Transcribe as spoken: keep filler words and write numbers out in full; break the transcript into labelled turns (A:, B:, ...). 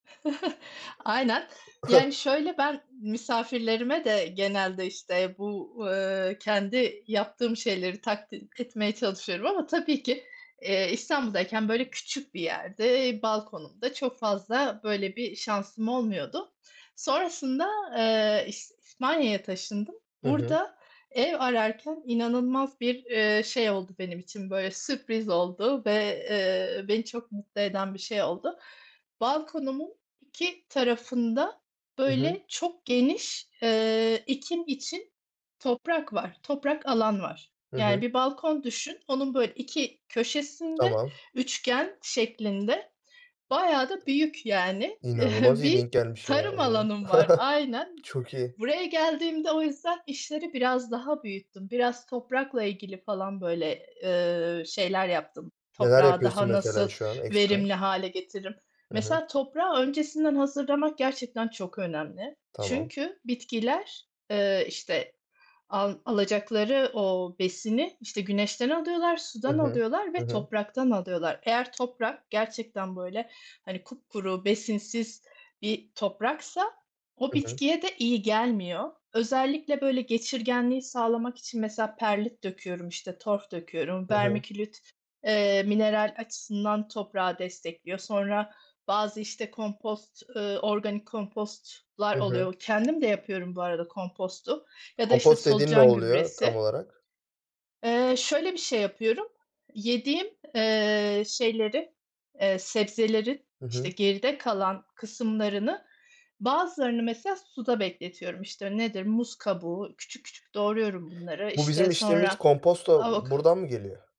A: Aynen. Yani, şöyle, ben misafirlerime de genelde, işte, bu, eee, kendi yaptığım şeyleri [unintelligible] etmeye çalışıyorum ama tabii ki, eee, İstanbul'dayken, böyle, küçük bir yerde, balkonumda çok fazla, böyle, bir şansım olmuyordu. Sonrasında, eee, İs İspanya'ya taşındım.
B: Hı hı.
A: Burada ev ararken inanılmaz bir, eee, şey oldu benim için, böyle, sürpriz oldu ve, eee, beni çok mutlu eden bir şey oldu. Balkonumun iki tarafında,
B: Hı hı.
A: böyle, çok geniş, eee, ekim için toprak var, toprak alan var,
B: Hı
A: yani,
B: hı.
A: bir balkon düşün, onun, böyle, iki köşesinde
B: Tamam.
A: üçgen şeklinde bayağı da büyük, yani,
B: İnanılmaz iyi
A: bir
B: denk gelmiş, ya o
A: tarım
B: zaman.
A: alanım var, aynen.
B: Çok iyi.
A: Buraya geldiğimde o yüzden işleri biraz daha büyüttüm, biraz toprakla ilgili falan, böyle, eee, şeyler yaptım.
B: Neler
A: Toprağı
B: yapıyorsun,
A: daha nasıl
B: mesela, şu an ekstra?
A: verimli hâle getiririm?
B: Hı hı.
A: Mesela, toprağı öncesinden hazırlamak gerçekten çok önemli.
B: Tamam.
A: Çünkü bitkiler, eee, işte, al alacakları o besini, işte, güneşten alıyorlar,
B: Hı
A: sudan
B: hı.
A: alıyorlar
B: Hı
A: ve
B: hı.
A: topraktan alıyorlar. Eğer toprak gerçekten, böyle, hani, kupkuru besinsiz bir topraksa o
B: Hı hı.
A: bitkiye de iyi gelmiyor. Özellikle, böyle, geçirgenliği sağlamak için mesela perlit döküyorum, işte, Torf döküyorum,
B: Hı hı.
A: vermiculite, eee, mineral açısından toprağı destekliyor. Sonra bazı, işte, kompost, eee, organik kompostlar
B: Hı hı.
A: oluyor. Kendim de yapıyorum bu arada kompostu ya da, işte,
B: Kompost dediğin ne
A: solucan
B: oluyor, tam
A: gübresi.
B: olarak?
A: Eee, şöyle, bir şey yapıyorum. Yediğim, eee, şeylerin, eee, sebzelerin,
B: Hı
A: işte,
B: hı.
A: geride kalan kısımlarını, bazılarını, mesela, suda bekletiyorum, işte, nedir? Muz kabuğu. Küçük küçük doğruyorum bunları,
B: Bu bizim
A: işte,
B: içtiğimiz
A: sonra
B: komposto
A: avok
B: buradan mı geliyor?